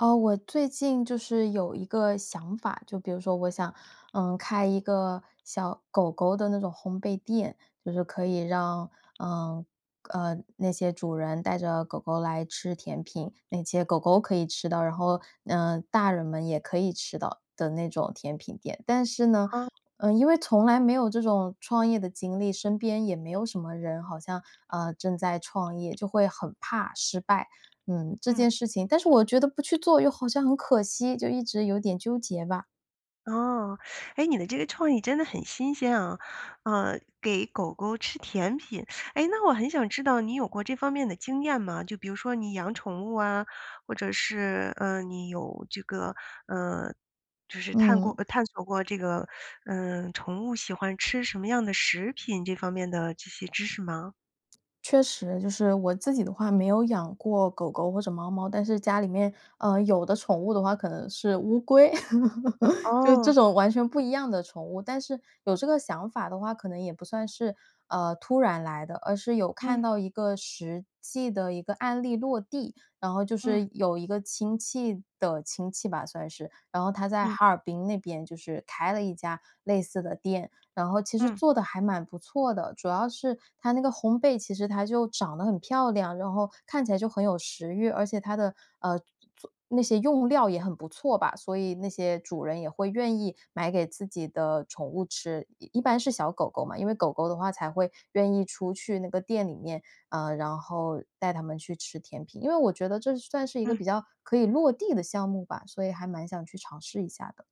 呃，我最近就是有一个想法，就比如说我想，呃，开一个小狗狗的那种烘焙店。就是可以让，呃，呃，那些主人带着狗狗来吃甜品，那些狗狗可以吃到，然后，呃，大人们也可以吃到的那种甜品店。但是呢，哦。呃，因为从来没有这种创业的经历，身边也没有什么人好像，呃，正在创业，就会很怕失败，嗯，这嗯。件事情，但是我觉得不去做又好像很可惜，就一直有点纠结吧。哦，哎，你的这个创意真的很新鲜啊，呃，给狗狗吃甜品。哎，那我很想知道你有过这方面的经验吗？就比如说你养宠物啊，或者是，呃，你有这个，呃，就是探过嗯。呃，探索过这个，呃，宠物喜欢吃什么样的食品，这方面的这些知识吗？确实，就是我自己的话，没有养过狗狗或者猫猫，但是家里面，呃，有的宠物的话可能是乌龟，就哦。这种完全不一样的宠物。但是有这个想法的话，可能也不算是，呃，突然来的，而是有嗯。看到一个实际的一个案例落地。然后就嗯。是有一个亲戚的亲戚吧算是，然后他在嗯。哈尔滨那边就是开了一家类似的店。然后其实嗯。做得还蛮不错的，主要是它那个烘焙，其实它就长得很漂亮，然后看起来就很有食欲，而且它的呃，做那些用料也很不错吧，所以那些主人也会愿意买给自己的宠物吃。一一般是小狗狗嘛，因为狗狗的话才会愿意出去那个店里面，呃，然后带它们去吃甜品。因为我觉得这算是一个嗯。比较可以落地的项目吧，所以还蛮想去尝试一下的。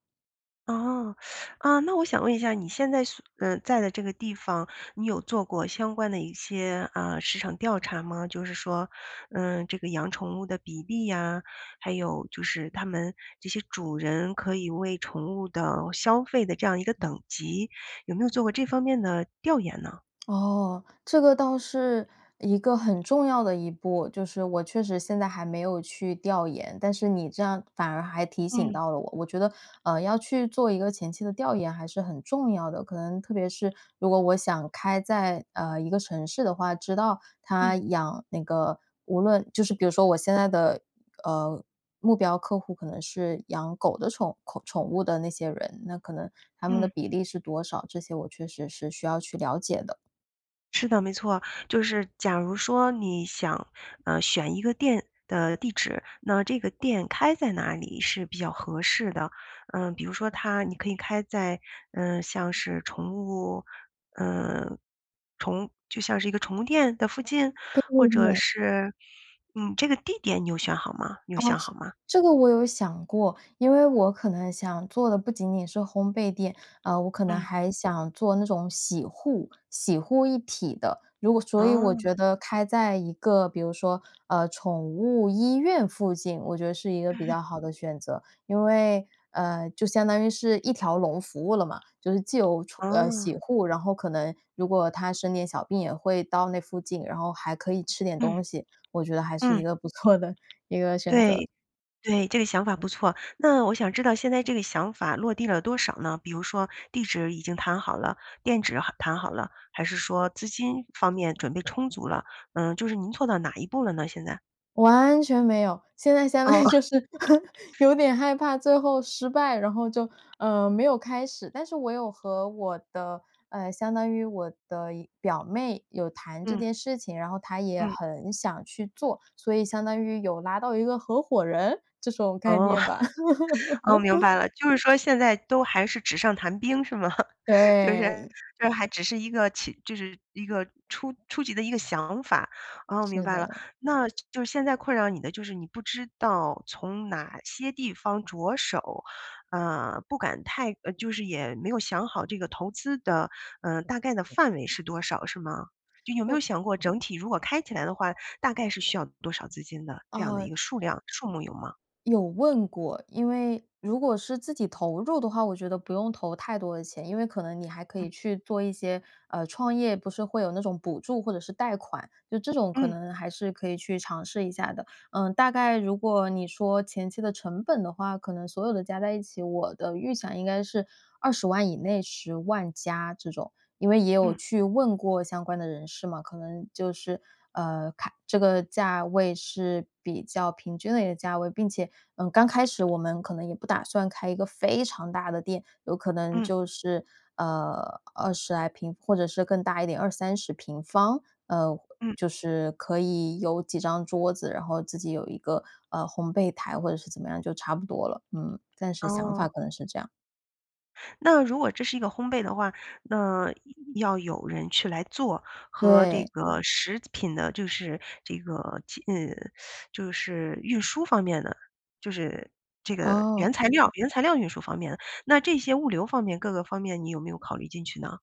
哦 啊那我想问一下你现在所呃在的这个地方，你有做过相关的一些呃市场调查吗？就是说，呃这个养宠物的比例呀，还有就是它们这些主人可以为宠物的消费的这样一个等级，有没有做过这方面的调研呢？哦，这个倒是一个很重要的一步。就是我确实现在还没有去调研，但是你这样反而还提醒嗯。到了我。我觉得，呃要去做一个前期的调研还是很重要的，可能特别是如果我想开在呃一个城市的话，知道嗯。他养那个无论就是比如说，我现在的呃目标客户可能是养狗的宠口宠物的那些人，那可能他们的嗯。比例是多少？这些我确实是需要去了解的。是的，没错，就是假如说你想呃选一个店的地址，那这个店开在哪里是比较合适的？呃比如说它你可以开在呃像是宠物呃宠就像是一个宠物店的附近，对或对者对。是嗯这个地点你有选好吗？你有啊，想好吗？这这个我有想过。因为我可能想做的不仅仅是烘焙店，呃我可能嗯。还想做那种洗护洗护一体的。如果所以我哦。觉得开在一个比如说呃宠物医院附近我觉得是一个比 较好的选择，因为，呃就相当于是一条龙服务了嘛。就是既有宠呃洗哦。护，然后可能如果它生点小病，也会到那附近，然后还可以吃点嗯。东西，我觉得还是一嗯。个不错的一个选择。对对，这个想法不错。那我想知道现在这个想法落地了多少呢？比如说地址已经谈好了，店址好谈好了，还是说资金方面准备充足了？嗯就是您做到到哪一步了呢现在？完全没有，现在相当哦。于就是 有点害怕最后失败，然后就呃，没有开始。但是我有和我的呃，相当于我的一表妹有谈这嗯。件事情，然后她也嗯。很想去做，所以相当于有拉到一个合伙人这种概哦。念吧。哦，明 白了，就是说现在都还是纸上谈兵是吗？就是对。就是还只是一个，起就是一个初初级的一个想法，啊，明是白了。的。那，就就是现在困扰你的就是你不知道从哪些地方着手，呃，不敢太呃，就是也没有想好这个投资的，呃，大概的范围是多少是吗？就有没有我想过整体如果开起来的话，大概是需要多少资金的？这样的哦。一个数量、数目有吗？有问过，因为如果是自己投入的话，我觉得不用投太多的钱，因为可能你还可嗯。以去做一些呃，创业不是会有那种补助或者是贷款。就这种可嗯。能还是可以去尝试一下的。嗯，大概如果你说前期的成本的话，可能所有的加在一起，我的预想应该是200000以内、100000加这种。因为也有嗯。去问过相关的人士嘛，可能就是，呃，看这个价位是比较平均的一个价位，并且，嗯，刚开始我们可能也不打算开一个非常大的店，有可能嗯。就是，呃，20来平，或者是更大一点，20-30平方。呃，嗯。就是可以有几张桌子，然后自己有一个，呃，烘焙台或者是怎么样就差不多了，嗯，暂时想法哦。可能是这样。那如果这是一个烘焙的话，那要要有人去来做，和这对。个食品的就是这个，呃，就是运输方面的，就是这个原哦。材料原材料运输方面的，那这些物流方面各个方面你有没有考虑进去呢？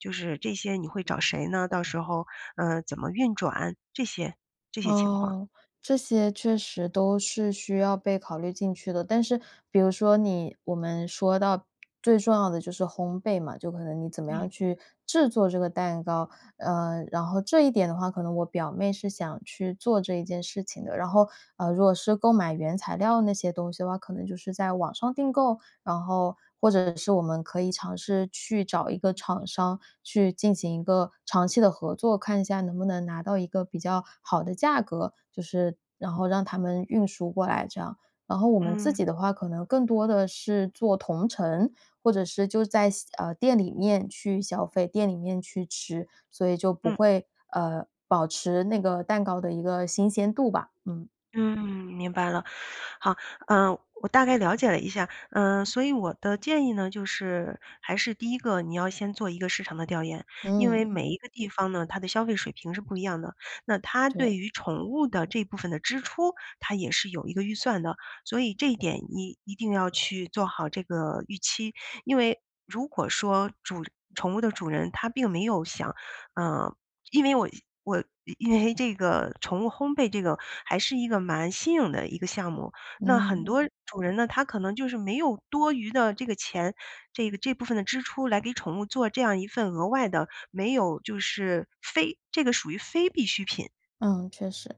就是这些你会找谁呢，到时候呃，怎么运转，这些这些情况？哦，这些确实都是需要被考虑进去的。但是比如说你，我们说到最重要的就是烘焙嘛，就可能你怎么样嗯。去制作这个蛋糕，呃，然后这一点的话，可能我表妹是想去做这一件事情的。然后，呃，如果是购买原材料那些东西的话，可能就是在网上订购，然后，或者是我们可以尝试去找一个厂商去进行一个长期的合作，看一下能不能拿到一个比较好的价格，就是然后让他们运输过来这样。然后我们自嗯。己的话可能更多地是做同城，或者是就在线啊，店里面去消费，店里面去吃。所以就不嗯。会呃，保持那个蛋糕的一个新鲜度吧，嗯。嗯，明白了。好，呃，我大概了解了一下。嗯，所以我的建议呢，就是，还是第一个你要先做一个市场的调研，因为嗯。每一个地方呢，它的消费水平是不一样的。那它对对。于宠物的这部分的支出，它也是有一个预算的，所以这一点你一定要去做好这个预期。因为如果说主宠物的主人他并没有想呃，因为我我因为这个宠物烘焙这个还是一个蛮新颖的一个项目。那很嗯。多主人呢，他可能就是没有多余的这个钱，这个这部分的支出来给宠物做这样一份额外的没有就是非这个属于非必需品。嗯，确实。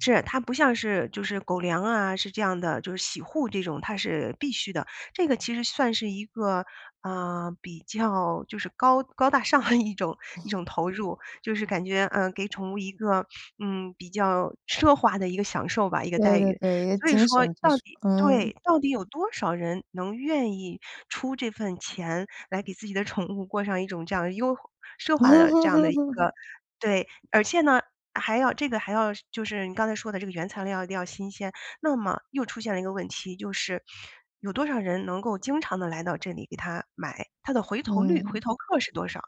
是。它不像是就是狗粮啊，是这样的，就是洗护这种，它是必须的，这个其实算是一个呃，比较就是高高大上一种一种投入。就是感觉，呃，给宠物一个 嗯，比较奢华的一个享受吧、一个对待对遇。对，一个所以精说神支到出，底嗯。对，到底有多少人能愿意出这份钱来给自己的宠物过上一种这样的优奢华的这样的一个 对。而且呢，还要这个还要就是你刚才说的这个原材料一定要新鲜，那么又出现了一个问题，就是 有多少人能够经常地来到这里给它买，它的回头率、回嗯。头客是多少？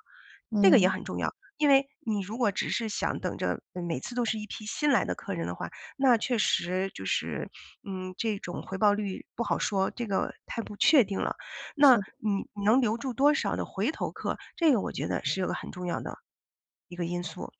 这个也嗯。很重要，因为你如果只是想等着，嗯，每次都是一批新来的客人的话，那确实就是 嗯，这种回报率不好说，这个太不确定了。那是的。你你能留住多少的回头客，这个我觉得是有个很重要的，一个因素。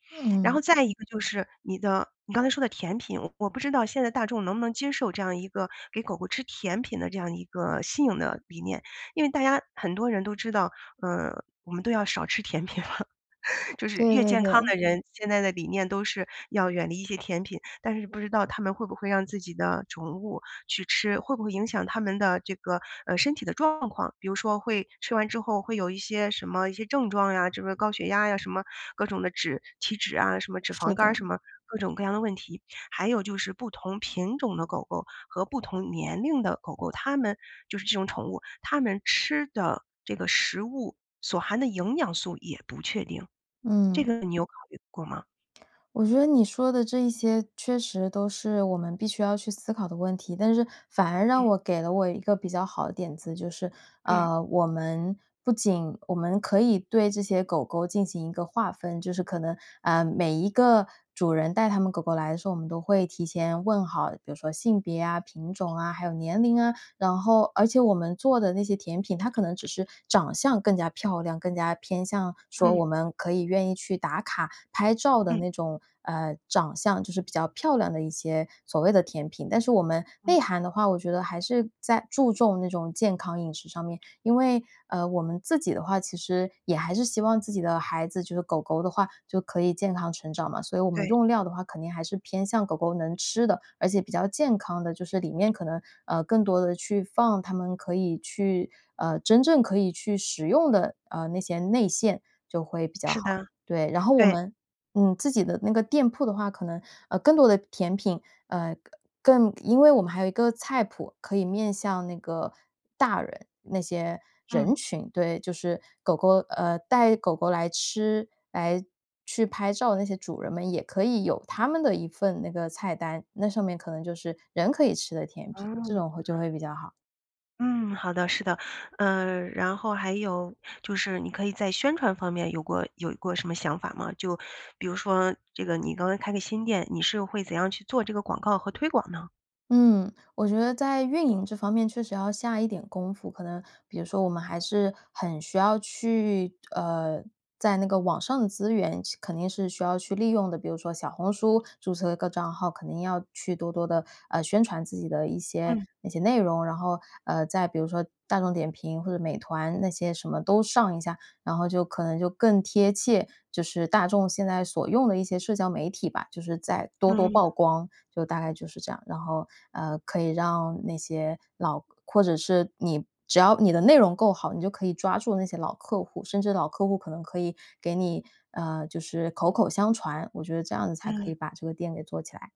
然嗯。后再一个就是你的你刚才说的甜品，我不知道现在大众能不能接受这样一个给狗狗吃甜品的这样一个新颖的理念。因为大家很多人都知道，呃，我们都要少吃甜品了，就是对越对健康对。的人，现在的理念都是要远离一些甜品。但是不知道他们会不会让自己的宠物去吃，会不会影响他们的这个，呃，身体的状况？比如说会吃完之后会有一些什么一些症状啊，这个高血压呀，什么各种的脂体脂啊，什么脂是肪肝的。儿，什么各种各样的问题。还有就是不同品种的狗狗和不同年龄的狗狗，它们就是这种宠物它们吃的这个食物所含的营养素也不确定，这嗯。个你有考虑过吗？我觉得你说的这一些确实都是我们必须要去思考的问题，但是反而让嗯。我给了我一个比较好的点子。就是嗯。呃我们不仅我们可以对这些狗狗进行一个划分，就是可能呃每一个主人带它们狗狗来的时候，我们都会提前问好比如说性别啊、品种啊、还有年龄啊，然后而且我们做的那些甜品，它可能只是长相更加漂亮，更加偏向说嗯。我们可以愿意去打卡拍照的嗯。那种呃长相，就是比较漂亮的一些所谓的甜品。但是我们内嗯。涵的的话，我觉得还是在注重那种健康饮食上面，因为，呃我们自己的话其实也还是希望自己的孩子就是狗狗的话，就可以健康成长嘛，所以我们对。用料的话肯定还是偏向狗狗能吃的，而且比较健康的，就是里面可能，呃更多地去放他们可以去呃真正可以去食用的呃那些内馅就会比较是好。的，对，然后我对。们嗯自己的那个店铺的话，可能，呃，更多的甜品呃更因为我们还有一个菜谱可以面向那个大人那些嗯。人群，对，就是狗狗呃带狗狗来吃、来去拍照的那些主人们，也可以有他们的一份那个菜单，那上面可能就是人可以吃的甜品，这哦。种会就会比较好。嗯，好的，是的，呃，然后还有就是你可以在宣传方面有过有过什么想法吗？就比如说这个你刚才开个新店，你是会怎样去做这个广告和推广呢？嗯，我觉得在运营这方面确实要下一点功夫，可能比如说我们还是很需要去呃，在那个网上的资源去肯定是需要去利用的，比如说小红书注册一个账号，肯定要去多多地，呃，宣传自己的一些嗯。一些内容然后，呃，在比如说大众点评或者美团那些什么都上一下，然后就可能就更贴切，就是大众现在所用的一些社交媒体吧，就是再多多嗯。曝光，就大概就是这样。然后，呃，可以让那些老或者是你只要你的内容够好，你就可以抓住那些老客户，甚至老客户可能可以给你呃，就是口口相传，我觉得这样子才可嗯。以把这个店给做起来。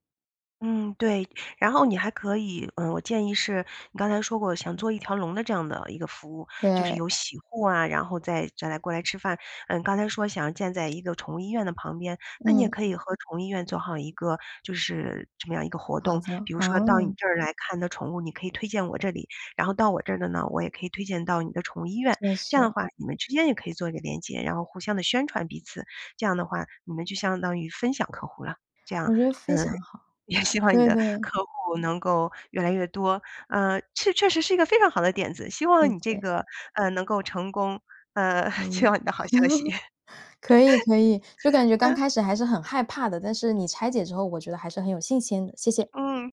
嗯，对，然后你还可以呃，我建议是你刚才说过想做一条龙的这样的一个服务，就是对。有洗护啊，然后再再来过来吃饭。呃，刚才说想要建在一个宠物医院的旁边，那你也嗯。可以和宠物医院做好一个就是这么样一个活好动，的，比如说到你哦。这儿来看的宠物，你可以推荐我这里，然后到我这儿的呢，我也可以推荐到你的宠物医院，确这样的实。话你们之间也可以做一个连接，然后互相地宣传彼此。这样的话你们就相当于分享客户了，这样，我觉得非嗯，常好，也希望你对的对。客户能够越来越多。呃，这确实是一个非常好的点子，希望谢你这谢。个呃，能够成功，呃，可期以。望你的好消息。可以可以，就感觉刚 开始还是很害怕的，但是你拆解之后我觉得还是很有信心的，谢谢。嗯。